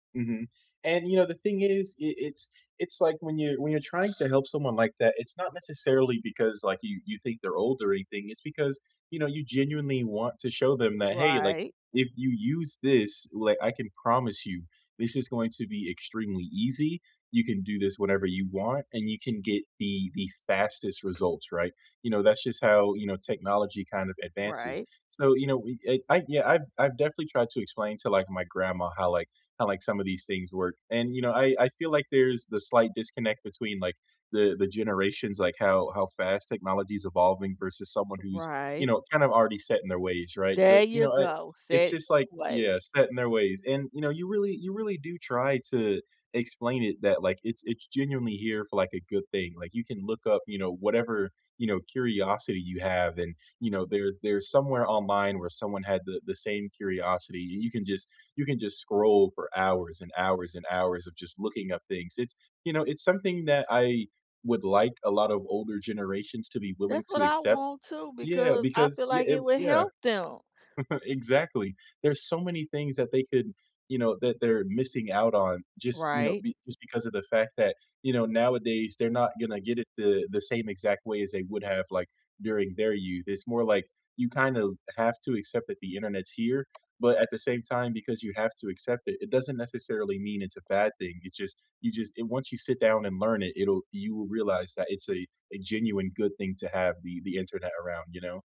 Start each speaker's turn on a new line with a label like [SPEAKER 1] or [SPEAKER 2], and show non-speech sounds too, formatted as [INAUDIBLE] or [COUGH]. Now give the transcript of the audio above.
[SPEAKER 1] Mhm, and, you know, the thing is, i it's it's like, when you when you're trying to help someone like that, it's not necessarily because, like, you you think they're old or anything, it's because, you know, you genuinely want to show them that, "Hey, like,
[SPEAKER 2] Right.
[SPEAKER 1] if you use this, like, I can promise you this is going to be extremely easy, you can do this whenever you want, and you can get the the fastest results, right?" You know, that's just how, you know, technology kind of advances.
[SPEAKER 2] Right.
[SPEAKER 1] So, you know, we eh, I yeah, I've I've definitely tried to explain to, like, my grandma how, like, how, like, some of these things work, and, you know, I I feel like there's the slight disconnect between, like, the the generations, like, how how fast technology is evolving versus someone who's, you
[SPEAKER 2] Right.
[SPEAKER 1] know, kind of already set in their ways, right?
[SPEAKER 2] There
[SPEAKER 1] But, you
[SPEAKER 2] you
[SPEAKER 1] know, I
[SPEAKER 2] go,
[SPEAKER 1] it's
[SPEAKER 2] set
[SPEAKER 1] just like
[SPEAKER 2] [UNINTELLIGIBLE] way.
[SPEAKER 1] Yeah, set in their ways. And, you know, you really you really do try to explain it that, like, it's it's genuinely here for, like, a good thing, like, you can look up, you know, whatever, you know, curiosity you have and, you know, there's there's somewhere online where someone had the the same curiosity, you you can just you can just scroll for hours and hours and hours of just looking up things, it's you know, it's something that I would like a lot of older generations to be willing
[SPEAKER 2] That's
[SPEAKER 1] to
[SPEAKER 2] what I
[SPEAKER 1] accept.
[SPEAKER 2] want too,
[SPEAKER 1] Yeah,
[SPEAKER 2] because I
[SPEAKER 1] because
[SPEAKER 2] feel
[SPEAKER 1] yeah,
[SPEAKER 2] like
[SPEAKER 1] eh
[SPEAKER 2] it would
[SPEAKER 1] Yeah,
[SPEAKER 2] help them.
[SPEAKER 1] [CHUCKLES] exactly, there's so many things that they could, you know, that they're missing out on just, you know,
[SPEAKER 2] Right.
[SPEAKER 1] be just because of the fact that, you know, nowadays, they're not gonna get it the the same exact way as they would have, like, during their youth, it's more like you kinda have to accept that the internet's here, but at the same time, because you have to accept it, it doesn't necessarily mean it's a bad thing, it just you just And once you sit down and learn it, it'll you will realize that it's a a genuine good thing to have the the internet around, you know?